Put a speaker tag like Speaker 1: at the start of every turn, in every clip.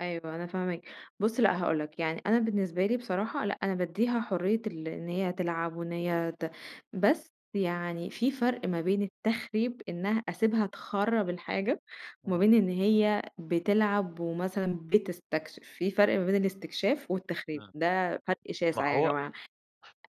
Speaker 1: أيوة أنا فاهماك، بُصّ لأ هاقول لَك، يعني أنا بالنسبة لي بصراحة، لأ أنا بادّيها حرية ال إن هي تلعب وإن هي ت بس يعني في فرْق ما بين التخريب، إنها أسيبها تخرَّب الحاجة، وما
Speaker 2: إمم.
Speaker 1: بين إن هي بتلعب ومثلًا بتستكشف، في فرْق ما بين الاستكشاف والتخريب
Speaker 2: آه.
Speaker 1: ده، فرق
Speaker 2: ما
Speaker 1: شاسع يا
Speaker 2: هو
Speaker 1: جماعة،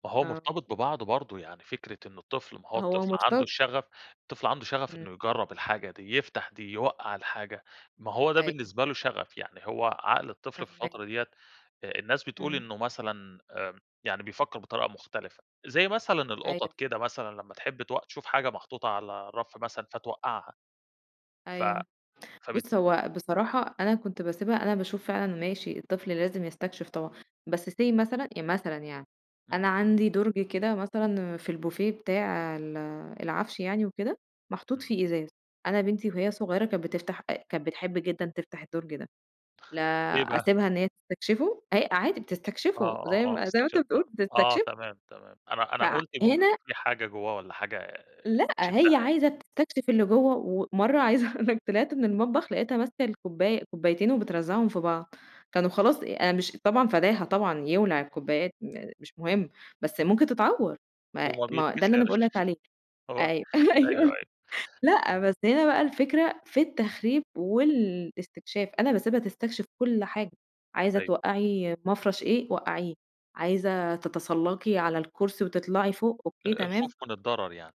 Speaker 2: ما هو
Speaker 1: آه.
Speaker 2: مرتبط ببعضُه برضه يعني، فكرة إنه الطفل ما هو
Speaker 1: هو
Speaker 2: الطفل عنده
Speaker 1: مُرت
Speaker 2: الشغف، الطفل عنده شغَف
Speaker 1: إمم.
Speaker 2: إنه يجرَّب الحاجة دي، يفتتح دي يوقَّع الحاجة، ما هو ده
Speaker 1: أيوه.
Speaker 2: بالنسبة له شغَف، يعني هو عقل الطفل في
Speaker 1: فاهماك.
Speaker 2: الفترة ديّة، آآ، الناس بتقول
Speaker 1: إمم.
Speaker 2: إنه مثلًا آمم، يعني بيفكّر بطريقة مختلفة، زي مثلًا
Speaker 1: أيوه.
Speaker 2: القطط كده مثلًا لمّا تحب تو تشوف حاجة محطوطة على الرَف مثلًا فتوقعها، ف
Speaker 1: أيوه،
Speaker 2: فب
Speaker 1: بُصّ هو بصراحة، أنا كنت باسيبها، أنا باشوف فعلًا ماشي الطفل لازم يستكشف طبعًا، بس say مثلًا، إ مثلًا يعني،
Speaker 2: إمم.
Speaker 1: أنا عندي دُرج كده مثلًا في البوفيه بتاع ال العَفش يعني وكده، محطوط
Speaker 2: إمم.
Speaker 1: فيه إزاز، أنا بنتي وهي صغيّرة كانت بتفتح أ كانت بتحب جدًا تفتح الدُرج ده، لا
Speaker 2: إيه بقى؟
Speaker 1: أسيبها إن هي تستكشفه! هي عادي
Speaker 2: آه،
Speaker 1: بتستكشفه،
Speaker 2: آه،
Speaker 1: زي
Speaker 2: آه،
Speaker 1: ما زي ما أنت
Speaker 2: استكشاف
Speaker 1: بتقول
Speaker 2: فعلًا آه،
Speaker 1: بتستكشف
Speaker 2: تمام، تمام، أنا أنا قُلت ممكن
Speaker 1: فهنا
Speaker 2: في حاجة جوّه والّا حاجة،
Speaker 1: لأ،
Speaker 2: بتشدّها
Speaker 1: هي
Speaker 2: يعني.
Speaker 1: عايزة تستكشف اللي جوّه، ومَرّة عايزة اقول لَك طلِعت من المطبخ لقيتها ماسكة الكوباية كوبايتين وبترزّعهم في بعض، كانوا خلاص، أنا مش طبعًا فداها طبعًا يولع الكوبايات، م مش مُهِم بس
Speaker 2: إمم.
Speaker 1: ممكن تتعوَّر، ما
Speaker 2: وما
Speaker 1: ما ده اللي أنا باقول
Speaker 2: بيتكسرش،
Speaker 1: لَك عليه.
Speaker 2: هو
Speaker 1: أيوه، أيوه،
Speaker 2: أيوه، أيوه،
Speaker 1: لأ
Speaker 2: امم.
Speaker 1: بس هنا بقى الفكرة في التخريب والاستكشاف، أنا باسيبها تستكشف كلّ حاجة، عايزة
Speaker 2: أيوه.
Speaker 1: توقّعي مَفرش إيه وقّعيه، عايزة تتسلَّقي على الكرسي وتطلَعي فوق، أوكي
Speaker 2: آآ، الخوف
Speaker 1: تمام.
Speaker 2: من الضرر يعني.